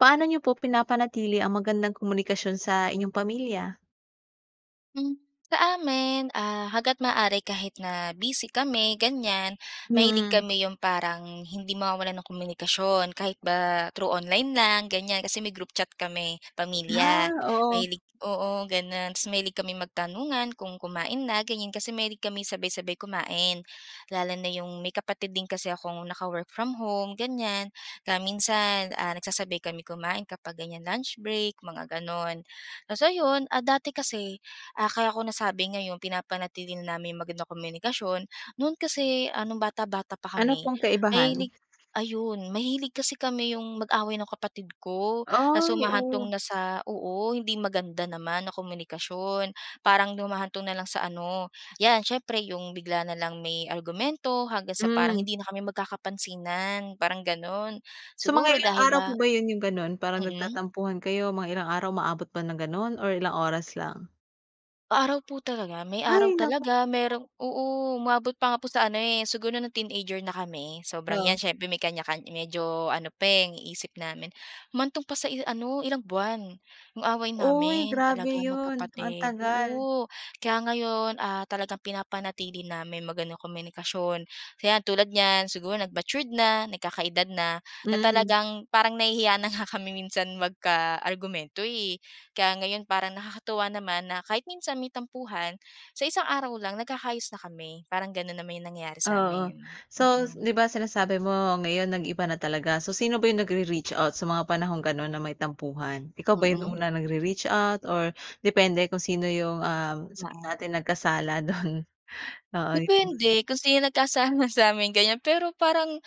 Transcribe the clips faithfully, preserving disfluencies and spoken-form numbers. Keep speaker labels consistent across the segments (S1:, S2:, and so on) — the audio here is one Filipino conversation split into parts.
S1: Paano niyo po pinapanatili ang magandang komunikasyon sa inyong pamilya?
S2: Hmm. Sa amin, ah, hangga't maaari kahit na busy kami, ganyan, mahilig
S1: Hmm.
S2: kami yung parang hindi mawawalan ng komunikasyon kahit ba through online lang, ganyan. Kasi may group chat kami
S1: Ah,
S2: pamilya
S1: oo.
S2: mahilig oo ganon. Tapos mahilig kaming magtanungan kung kumain na, ganyan. Kasi mahilig kami sabay-sabay kumain. Lalo na yung may kapatid din kasi akong naka-work from home, ganyan. Kaya minsan, ah, nagsasabay kami kumain kapag ganyan lunch break, mga ganon. Tapos ayun! Ah, dati kasi, ah, kaya ko nasabi ngayon pinapanatili na namin yung magandang komunikasyon. No'n kasi, ah, nung bata-bata pa
S1: Ano
S2: kami,
S1: pong kaibahan?
S2: mahilig ayun! Mahilig kasi kami yung mag-away nung kapatid ko. Tapos
S1: Ay!
S2: humahantong
S1: Oh.
S2: na sa oo, hindi maganda naman na komunikasyon. Parang humahantong na lang sa ano 'yan, syempre yung bigla na lang may argumento hanggang sa parang
S1: Mhm.
S2: hindi na kami magkakapansinan, parang ganon.
S1: So, mga
S2: Siguro
S1: ilang
S2: dahil
S1: araw po
S2: ba
S1: ba yun, yung gano'n? Parang
S2: mm.
S1: nagtatampuhan kayo, mga ilang araw? Umaabot ba ng gano'n or ilang oras lang?
S2: Araw po talaga. May araw
S1: Ay, naku.
S2: talaga, merong oo. Umabot pa nga po sa ano, eh, siguro no’ng teenager na kami, sobrang
S1: Oo.
S2: ‘yan, siyempre may kanya kan medyo ano pa, eh, ang isip namin. Humantong pa sa i ano, ilang buwan, ‘yong away
S1: Oy,
S2: namin
S1: grabe
S2: talaga
S1: 'yon. Ang
S2: magkapatid,
S1: tagal.
S2: oo. Kaya ngayon, ah, talagang pinapanatili na may magandang komunikasyon. Hayan tulad niyan, siguro nag-matured na, nagkaka-edad na, na
S1: Mm.
S2: talagang parang nahihiya na nga kami minsan magka-argumento, eh. Kaya ngayon, parang nakakatuwa naman na kahit minsan may tampuhan, sa isang araw lang, nagkaka-ayos na kami. Parang gano’n naman ‘yong nangyari sa
S1: Oo.
S2: amin.
S1: So,
S2: Mm.
S1: ‘di ba, sinasabi mo ngayon, nag-iba na talaga. So, sino ba ‘yong nagre-reach out sa mga panahong gano’n na may tampuhan? Ikaw ba ‘yong
S2: Mm.
S1: una nagre-reach out or depende kung sino ‘yong, ah, sabihin
S2: Oo.
S1: natin nagkasala do'n? Oo yung
S2: Depende kung sino
S1: [unintelligible]
S2: nagkasala sa amin, ganyan. Pero parang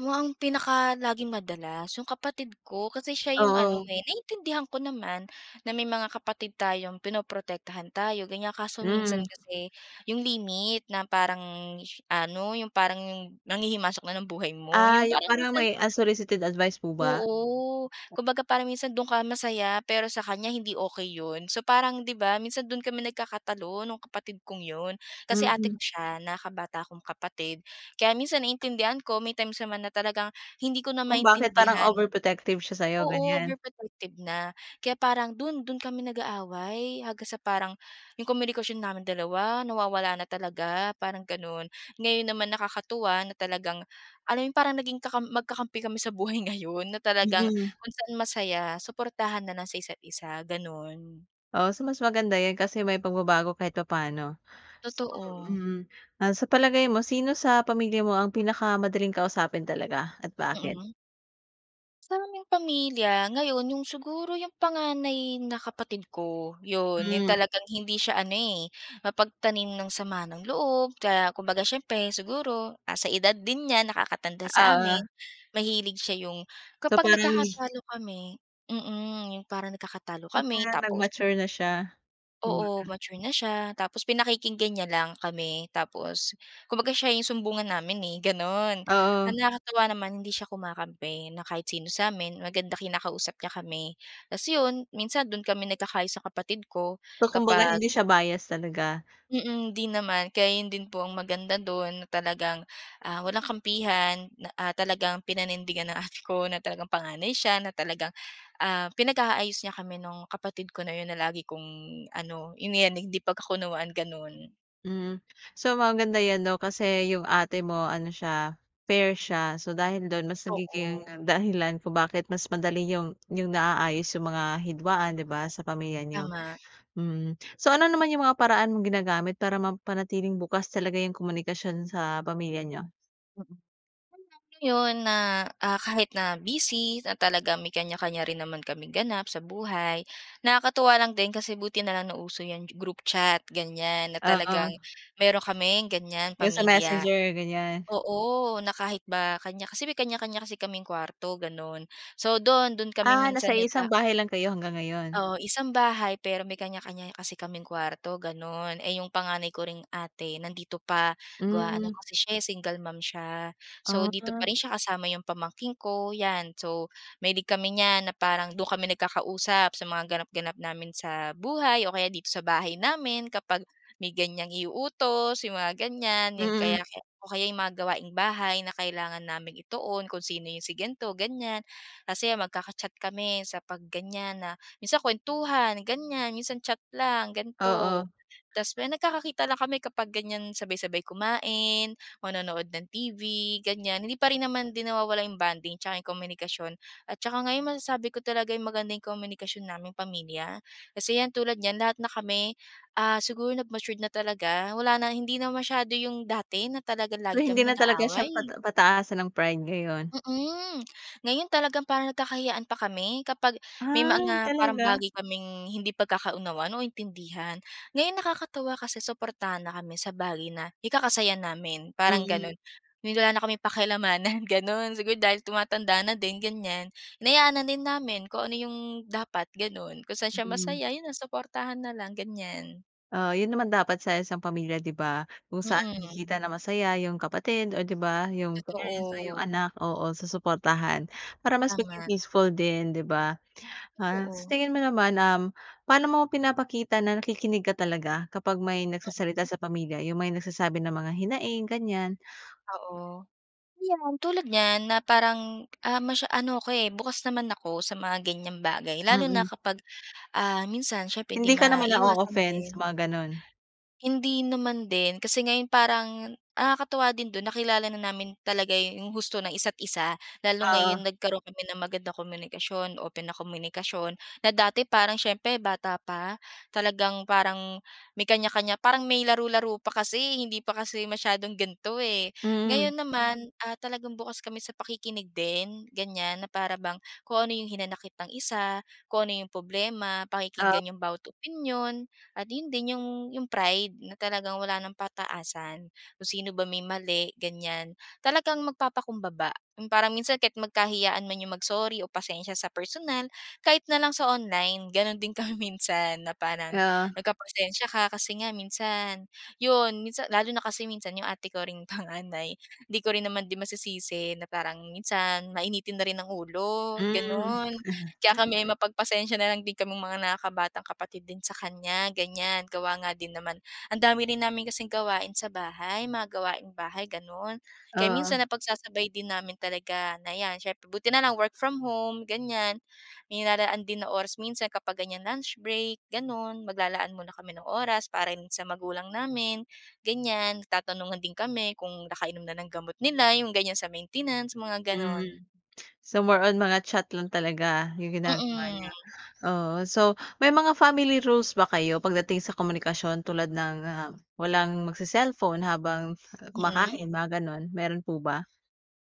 S2: mukhang pinakalaging madalas, ‘yong kapatid ko. Kasi siya ‘yong ano,
S1: Oo.
S2: eh, naiintindihan ko naman, na may mga kapatid tayong pinoprotektahan tayo, ganyan. Kaso minsan
S1: Hmm.
S2: kasi ‘yong limit na parang sh ano, ‘yong parang nanghihimasok na ng buhay mo.
S1: Ah,
S2: ‘Yong
S1: 'yong
S2: parang
S1: parang
S2: minsan
S1: may unsolicited advice po ba?
S2: o. Kumbaga, parang minsan do’n ka masay, pero sa kanya hindi okey ‘yon. So, parang, ‘di ba, minsan do’n kami nagkakatalo no'ng kapatid kong ‘yon. Kasi ate ko
S1: Mhm.
S2: siya, nakakabata akong kapatid. Kaya minsan naiintindihan ko, may times naman na talagang hindi ko na
S1: Kung bakit parang
S2: maintindihan.
S1: overprotective siya sa'yo,
S2: Oo,
S1: ganyan.
S2: overprotective na. Kaya parang do’n, do’n kami nag-aaway hanggang sa parang ‘yong komunikasyon namin dalawa nawawala na talaga, parang gano’n. Ngayon naman, nakakatuwa na talagang alam ‘yong parang naging kakam magkakampi kami sa buhay ngayon na talagang
S1: Mm.
S2: kung saan masaya, suportahan na lang sa isa’t-isa, gano’n.
S1: Oh. So, mas maganda 'yan kasi may pagbabago kahit papaano.
S2: Totoo.
S1: Mm. Ah, sa palagay mo, sino sa pamilya mo ang pinakamadaling kausapin talaga at bakit?
S2: Mm. Sa aming pamilya, ngayon yung siguro yung panganay na kapatid ko, 'yon, yung
S1: Hmm.
S2: talagang hindi siya ano, eh, mapagtanim ng sama ng loob kaya kumbaga siyempre siguro nasa edad din niya, nakakatanda sa
S1: Oo.
S2: amin. Mahilig siya yung
S1: So,
S2: kapag
S1: parang
S2: nagkakatalo kami, mm. Yung parang nagkakatalo
S1: So,
S2: kami
S1: parang
S2: tapos
S1: nag-mature na siya,
S2: Oo,
S1: kumbaga.
S2: mature na siya. Tapos pinakikinggan niya lang kami, tapos kumbaga siya yung sumbungan namin, eh, gano'n. Ang
S1: Oo.
S2: nakakatuwa naman hindi siya kumakampi na kahit sino sa amin. Maganda kinakausap niya kami. Ta's 'yon minsan do'n kami nagkakaayos sa kapatid ko
S1: So, kumbaga
S2: kapag
S1: hindi siya bias talaga.
S2: Mm. 'Di naman, kaya 'yon din po ang maganda do'n na talagang, ah, walang kampihan na, ah, talagang pinanindigan ng ate ko na talagang panganay siya na talagang, ah, pinag-aayos niya kami no'ng kapatid ko na 'yon, na lagi kong ano, yung iyan hindi pagkakunawaan, gano'n.
S1: Mm. So, maganda 'yan 'no kasi yung ate mo ano siya, fair siya. So, dahil do'n mas nagiging
S2: Oo.
S1: dahilan kung bakit mas madali niyong niyong naaayos yung mga hidwaan, 'di ba, sa pamilya n'yo,
S2: Tama.
S1: mhm. So ano naman yung mga paraan mong ginagamit para mapanatiling bukas talaga yung komunikasyon sa pamilya n'yo?
S2: Mm, kaya ngayon na, ah, kahit na busy na talagang may kanya-kanya rin naman kaming ganap sa buhay, nakakatuwa lang din kasi buti na lang nauso yan group chat, ganyan. Na talagang
S1: Oo.
S2: mayron kaming ganyan,
S1: Yung sa
S2: pamilya.
S1: messenger, ganyan?
S2: Oo, na kahit ba kanya kasi may kanya-kanya kasi kaming kuwarto, ganon. So doon, doon kami
S1: Ah,
S2: minsan
S1: nasa
S2: nag a
S1: iisang bahay lang kayo hanggang ngayon?
S2: O, isang bahay pero may kanya-kanya kasi kaming kuwarto, ganon, eh, yung panganay ko ring ate nandito pa, gawa ano
S1: Mm.
S2: kasi siya, eh, single mom siya. So, dito pa
S1: Ah.
S2: rin siya kasama yung pamangkin ko, yan. So, mahilig kami niyan na parang doon kami nagkakausap sa mga ganap-ganap namin sa buhay o kaya dito sa bahay namin, kapag may ganyang i-uutos, yung mga ganyan. Yan, kaya
S1: Mm.
S2: kaya, o kaya yung mga gawaing bahay na kailangan naming ituon kung sino yung si ganto, ganyan. Kasi magkaka-chat kami sa pag ganyan na minsan kuwentuhan ganyan, minsan chat lang ganito.
S1: Oo.
S2: Tapos may, nagkakakita lang kami kapag ganyan, sabay-sabay kumain, manonood ng TV, ganyan. Hindi pa rin naman din nawawala yung bonding tsaka yung komunikasyon. At tsaka ngayon masasabi ko talagay maganda yung komunikasyon naming pamilya. Kasi yan tulad niyan, lahat na kami, ah, siguro nag matured na talaga. Wala na, hindi na masyado yung dati na talaga
S1: So,
S2: lagi
S1: hindi
S2: kami
S1: na talaga siya
S2: nag-aaway.
S1: pata pataasan ng pride ngayon?
S2: Mm. Ngayon talagang parang nagkaka-hiyaan pa kami kapag may
S1: Ah,
S2: mga parang
S1: talaga?
S2: bagay kaming hindi pagkakaunawan o intindihan. Ngayon nakakatuwa kasi suportahan na kami sa bagay na ikaka-saya namin, parang
S1: Mm.
S2: ganon. Yung wala na kaming paki-alamanan, ganon. Siguro dahil tumatanda na din ganyan, hinayaan na din namin kung ano yung dapat, ganon. Kung saan siya
S1: Mhm.
S2: masaya, iyon na suportahan na lang ganyan.
S1: Oo, yun naman dapat sa isang pamilya, di ba? Kung saan makikita
S2: Mm.
S1: na masaya yung kapatid, o di ba? Yung parents o yung
S2: Totoo.
S1: anak, oo, susuportahan. Para mas maging
S2: Tama.
S1: peaceful din, di ba? Ah, sa
S2: Totoo.
S1: tingin mo naman, um, pa'no mo pinapakita na nakikinig ka talaga kapag may nagsasalita
S2: Mhm.
S1: sa pamilya, yung may nagsasabi ng mga hinaing, ganyan?
S2: Oo. 'Yan tulad niyan na parang, ah, masya ano ako, eh, bukas naman ako sa mga ganyang bagay lalo na
S1: Mm.
S2: kapag, ah, minsan syempre hindi
S1: Hindi ka naman
S2: maiiwasan
S1: na-o-offend
S2: din.
S1: sa mga gano'n?
S2: Hindi naman din kasi ngayon parang nakakatuwa din do'n nakilala na namin talaga yung husto na isa't isa. Lalo
S1: Oo.
S2: ngayon nagkaroon kami ng magandang komunikasyon, open na komunikasyon na dati parang siyempre bata pa, talagang parang may kanya-kanya, parang may laro-laro pa kasi, eh, hindi pa kasi masyadong gan'to, eh.
S1: Mm.
S2: Ngayon naman, ah, talagang bukas kami sa pakikinig din, ganyan na para bang kung ano yung hinanakit ng isa, kung ano yung poblema
S1: Oh.
S2: pakikinggan yung bawat opinyon at 'yon din yung yung pride na talagang wala ng pataasan. Kung sino ba may mali ganyan, talagang magpapakumbaba. Yung parang minsan kahit magkahiyaan man yung mag-sorry o pasensiya sa personal, kahit na lang sa online gano'n din kami minsan na parang
S1: Oo.
S2: nagpapasensya ka kasi nga minsan 'yon, minsan lalo na kasi minsan yung ate ko ring panganay hindi ko rin naman din masisisi na parang minsan mainitin na rin ang ulo,
S1: Hmm.
S2: gano'n. Kaya kami mapagpasensya na lang din kaming mga nakakabatang kapatid din sa kanya ganyan, gawa nga din naman ang dami rin namin kasing gawain sa bahay, mga gawaing bahay, gano'n. Kaya minsan
S1: Oo.
S2: napagsasabay din namin talaga na 'yan syempre buti na lang work from home ganyan, may nilalaan din na oras minsan kapag ganyan lunch break, ganun. Maglalaan muna kami ng oras para rin sa magulang namin, ganyan. Nagtatanungan din kami kung nakainom na ng gamot nila yung ganyan sa maintenance, mga gano'n.
S1: Hmm. So, more on mga chat lang talaga yung ginagawa niyo?
S2: Mm.
S1: Oo. So, may mga family rules ba kayo pagdating sa komunikasyon tulad ng, ah, walang magse-selpon habang
S2: Mm.
S1: kumakain, mga ganun, meron po ba?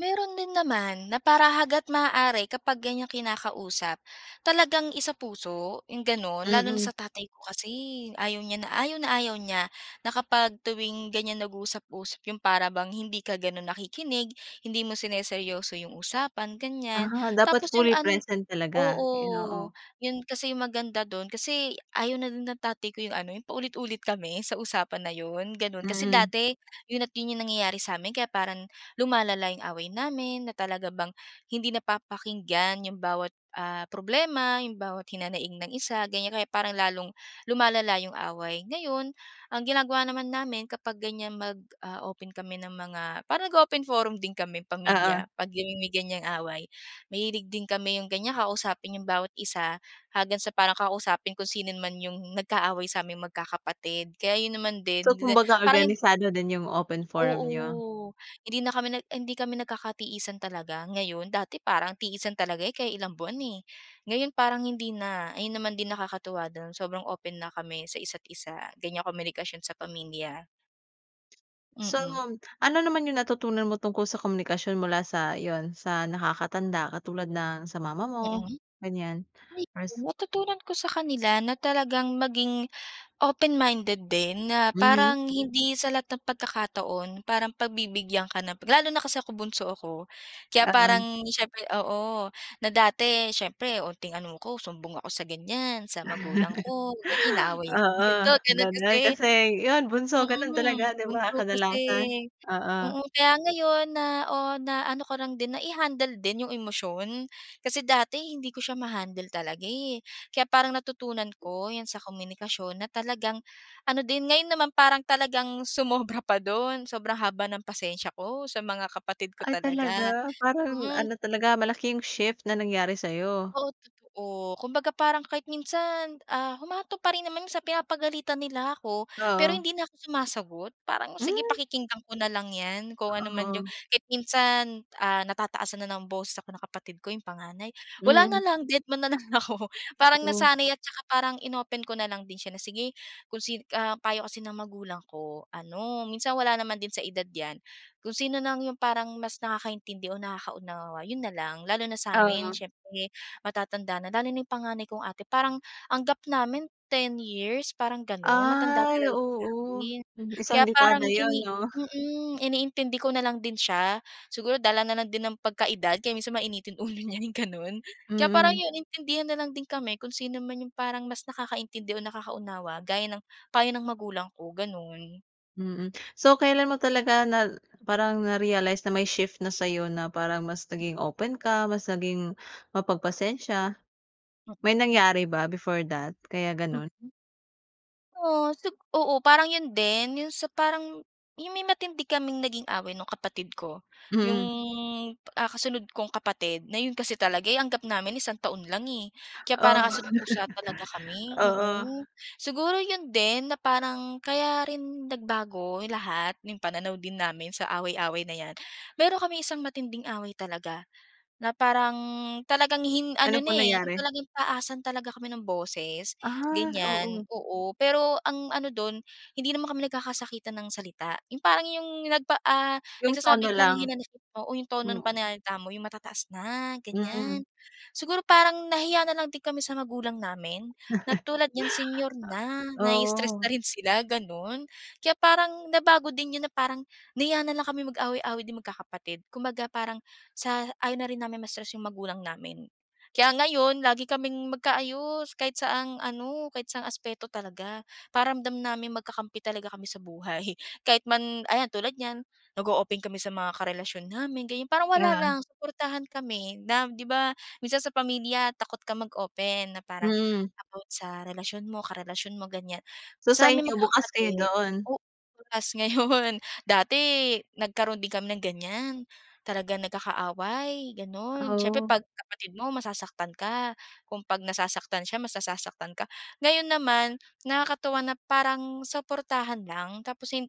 S2: Meron din naman na para hagat maaari kapag ganyang kinakausap talagang isapuso yung gano'n. Lalo na
S1: Mm.
S2: sa tatay ko kasi, eh, ayaw niya na ayaw na ayaw niya na kapag tuwing ganyan nag-usap-usap yung para bang hindi ka gano'n nakikinig, hindi mo sineryoso yung usapan ganyan.
S1: Ah, dapat
S2: Tapos yung
S1: fully
S2: an
S1: present talaga iino,
S2: oo
S1: oh.
S2: yun kasi yung maganda do'n kasi ayaw na din ng tatay ko yung ano, yung paulit-ulit kami sa usapan na yun gano'n. Kasi
S1: Mm.
S2: dati 'yon at 'yon yung nangyayari sa'min kaya paran lumalala yung away namin na talaga bang hindi napapakinggan yung bawat, ah, problema, yung bawat hinanaing ng isa, ganyan, kaya parang lalong lumalala yung away. Ngayon, ang ginagawa naman namin kapag ganyan mag, ah, open kami ng mga parang nag-o-open forum din kami
S1: Ah, oh.
S2: pamilya 'pag namimi ganyang away. Mahilig din kami yung ganya kausapin yung bawat isa haggan sa para kausapin kung sino man yung nagkaaway saming magkakapatid kaya yun naman din,
S1: So,
S2: di na
S1: kumbaga
S2: parang yung
S1: organisado din yung open forum niyo.
S2: Oo, hindi na kami nag en, hindi kami nagkakatiisan talaga ngayon. Dati parang tiisan talaga kaya ilang buwan, eh. Ngayon parang hindi na. Ayun naman din, nakakatuwa do'n sobrang open na kami sa isa't isa ganyan komunikasyon sa pamilya.
S1: Sol
S2: Mm.
S1: mom, ano naman yung natutunan mo tungkol sa komunikasyon mula sa yun, sa nakakatanda katulad ng sa mama mo
S2: Mm,
S1: ganyan or
S2: ayun
S1: s
S2: natutunan ko sa kanila na talagang maging open-minded din na
S1: Mhm.
S2: parang hindi sa lahat ng pagkakataon parang pagbibigyan ka na lalo na kasi ako bunso ako. Kaya
S1: Ah, en.
S2: parang siyempre oo, na dati siyempre unting ano ko sumbong ako sa ganyan sa magulang ko ganyan inaaway ako
S1: Oo,
S2: dito gano'n
S1: ganun
S2: kasi.
S1: kasi yun bunso ganun
S2: Mm,
S1: talaga, 'di ba?
S2: bunso kasi,
S1: Kadalasan, oo.
S2: mm, kaya ngayon na o, na ano ko rang din nai-handle din yung emosyon. Kasi dati hindi ko siya ma-handle talaga, eh, kaya parang natutunan ko 'yan sa komunikasyon na talagang ano din ngayon naman parang talagang sumobra pa dun sobrang haba ng pasensiya ko sa mga kapatid ko
S1: Ay,
S2: talaga,
S1: talaga? Parang
S2: mm.
S1: ano talaga malaki yung shift na nangyari sayo.
S2: Oo, totoo kumbaga parang kahit minsan, ah humahantong pa rin naman sa pinapagalitan nila ako pero
S1: Oo.
S2: hindi na ako sumasagot. Parang sige
S1: Hmm.
S2: pakikinggan ko na lang 'yan kung ano man yung
S1: Oo.
S2: kahit minsan, ah, natataasan na ng boses ako na kapatid ko yung panganay wala na
S1: Mhm.
S2: lang dedma na lang ako. Parang
S1: Totoo.
S2: nasanay at tsaka parang in-open ko na lang din siya na sige kung si, ah payo kasi ng magulang ko ano, minsan wala naman din sa edad 'yan, kung sino nang yung parang mas nakakaintindi o nakakaunawa yun na lang. Lalo na sa amin
S1: Oo.
S2: siyempre matatanda na lalo na yung panganay kong ate parang ang gap namin ten years parang ganon matanda
S1: Ay,
S2: talaga siya
S1: oo
S2: sa'kin.
S1: isang
S2: Kaya parang
S1: dekada yun,
S2: ini
S1: no?
S2: mm, iniintindi ko na lang din siya siguro dala na lang din ng pagkaedad kaya minsan mainitin ulo niya yung ganon. Kaya parang
S1: Mm.
S2: yun intindihan na lang din kami kung sino naman yung parang mas nakakaintindi o nakaunawa gaya ng payo ng magulang ko ganon.
S1: Mm. So, kailan mo talaga na parang na-realize na may shift na sa'yo na parang mas naging open ka, mas naging mapagpasensya. May
S2: Mm.
S1: nangyari ba before that kaya gano'n?
S2: Mm. Oh, sup oo, parang 'yon din, 'yong sa parang 'yong may matindi kaming naging away no'ng kapatid ko. 'Yong,
S1: Mm.
S2: ah, kasunod kong kapatid na 'yon kasi talaga, eh, ang gap namin isang taon lang, eh. Kaya
S1: Oh.
S2: parang aso't pusa talaga kami.
S1: Oo.
S2: Oo. Siguro 'yon din na parang kaya rin nagbago lahat 'yong pananaw din namin sa away-away na 'yan. Mayroon kaming isang matinding away talaga na parang talagang hin
S1: Ano
S2: ano na,
S1: po
S2: eh,
S1: nangyari?
S2: talagang taasan talaga kami ng boses,
S1: Ah,
S2: ganyan.
S1: oo.
S2: Oo, pero ang ano do'n, hindi naman kami nagkakasakitan ng salita. 'Yong parang 'yong nagpa, ah,
S1: 'Yong tono
S2: nagsasabi ka lang ng
S1: lang.
S2: hinanakit mo o 'yong tono ng
S1: Mm.
S2: pananalita mo, 'yong matataas na,
S1: Mm.
S2: ganyan. Siguro, parang nahiya na lang din kami sa magulang namin na tulad niyan senior na. Nai-stress na
S1: Oo.
S2: rin sila, gano'n. Kaya parang nabago din 'yon na parang nahiya na lang kami mag-away-away din magkakapatid. Kumbaga, parang sa ayaw na rin namin ma-stress 'yong magulang namin. Kaya ngayon, lagi kaming magkaayos kahit saang ano, kahit saang aspeto talaga. Pakiramdam namin magkakampi talaga kami sa buhay. Kahit man ayan, tulad niyan, nag-o-open kami sa mga karelasyon namin, ganyan. Parang wala
S1: Yeah.
S2: lang. Suportahan kami na, 'di ba, minsan sa pamilya takot kang mag-open na parang
S1: Mm.
S2: about sa relasyon mo, karelasyon mo, ganyan.
S1: So, sa
S2: Sa'ming
S1: inyo, bukas kayo
S2: magkakapatid
S1: doon?
S2: oo, bukas ngayon. Dati nagkaroon din kami ng ganyan. Talagang nagkakaaway, gano'n. Siyempre,
S1: Oh.
S2: 'pag kapatid mo, masasaktan ka. Kung 'pag nasasaktan siya, mas nasasaktan ka. Ngayon naman, nakakatuwa na parang suportahan lang tapos im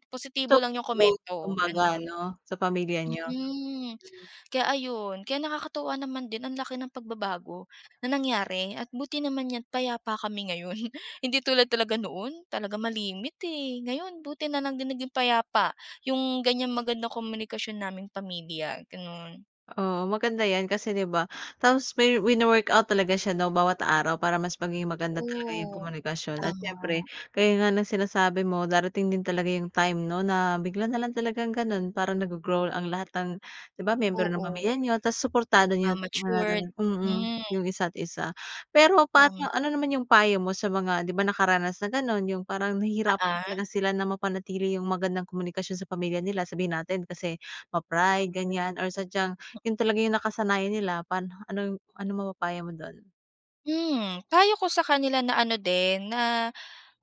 S1: So,
S2: positibo lang 'yong
S1: [unintelligible]
S2: komento,
S1: tumagal
S2: gano'n.
S1: 'no sa pamilya niyo?
S2: Mm,
S1: Hmm.
S2: kaya ayun. Kaya nakakatuwa naman din ang laki ng pagbabago na nangyari at buti naman niyan payapa kami ngayon. Hindi tulad talaga noon, talaga malimit, eh. Ngayon, buti na lang din naging payapa 'yong ganyang magandang komunikasyon naming pamilya, gano'n.
S1: Oo, maganda 'yan kasi, 'di ba? Tapos may wino-workout talaga siya, 'no, bawat araw. para mas magiging maganda talaga 'yong
S2: Totoo.
S1: komunikasyon. At
S2: Tama.
S1: siyempre, gaya nga ng sinasabi mo, darating din talaga 'yong time 'no, na bigla na lang talagang gano'n. Parang naggo-grow ang lahat ng, 'di ba, miyembro ng
S2: Oo.
S1: pamilya niyo. Tapos suportado niyo
S2: Nagma-matured,
S1: [unintelligible] mm,
S2: mm.
S1: 'yong isa't-isa. Pero
S2: Ng
S1: paano ano naman 'yong payo mo sa mga 'di ba nakaranas na gano'n, 'yong parang
S2: Ah,
S1: nahihirapan
S2: ah.
S1: talaga sila na mapanatili 'yong magandang komunikasyon sa pamilya nila? Sabihin natin kasi ma-pride, ganyan, or sadyang 'yon talaga 'yong nakasanayan nila. Paano ano ano mapapayo mo doon?
S2: Hmm, payo ko sa kanila na ano din, na,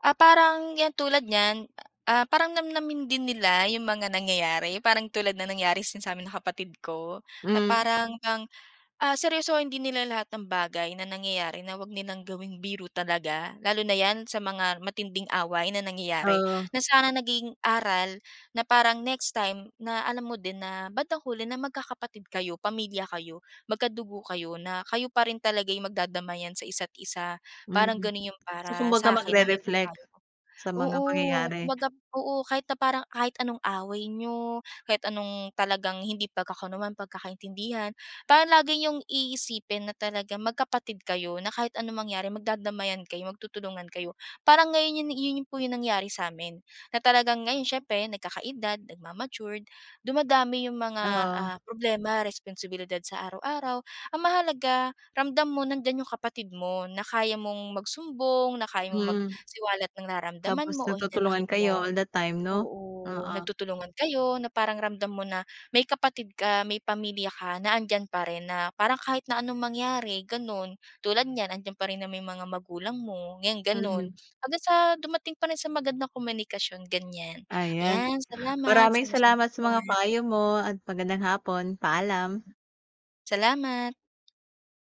S2: ah, parang yan tulad niyan, ah, parang namnamin din nila yung mga nangyayari parang tulad ng nangyari sin samin ng kapatid ko, na
S1: Hmm.
S2: parang ngang ah, seryosohin din nila lahat ng bagay na nangyayari na huwag nilang gawing biro talaga. Lalo na yan, sa mga matinding away na nangyayari?
S1: Ooh.
S2: Na sana naging aral. Na parang next time na alam mo din, na bandang huli, na magkakapatid kayo, pamilya kayo, magkadugo kayo. Na kayo pa rin talaga yung magdadamayan sa isa't-isa. Parang
S1: Mhm,
S2: ganun yung
S1: so
S2: para
S1: kumbaga
S2: sa akin na maipapayo
S1: magre-reflect?
S2: ko.
S1: Sa mga
S2: Oo,
S1: pangyayari.
S2: kumbaga ...oo kahit na parang, kahit anong away n'yo, kahit anong talagang hindi pagkakunawaan, pagkakaintindihan. Parang lagi niyong iisipin na talagang magkapatid kayo. Na kahit anong mangyari magdadamayan kayo, magtutulungan kayo. Parang ngayon, yung yun yung po, yung nangyari sa'min na talagang ngayon siyempre nagkakaedad, nagmamatured, dumadami yung mga
S1: Oo.
S2: ah, problema, responsibilidad sa araw-araw. Ang mahalaga, ramdam mo nandyan yung kapatid mo. Na kaya mong magsumbong. Na kaya mong
S1: Mm.
S2: magsiwalat ng nararamdaman
S1: Tapos
S2: mo o hinanakit
S1: nagtutulungan kayo
S2: mo.
S1: all the time 'no?
S2: Oo,
S1: Oo.
S2: nagtutulungan kayo na parang ramdam mo na may kapatid ka, may pamilya ka na andiyan pa rin. Na parang kahit na anong mangyari, ganun. Tulad niyan, andiyan parin naman yung mga magulang mo ngayon, ganun.
S1: Mm.
S2: Hanggang sa dumating pa rin sa magandang komunikasyon, ganyan.
S1: Ayan,
S2: Yan, salamat sa
S1: maraming
S2: masayang
S1: salamat sa mga
S2: kwentuhan.
S1: payo mo at magandang hapon, paalam.
S2: Salamat.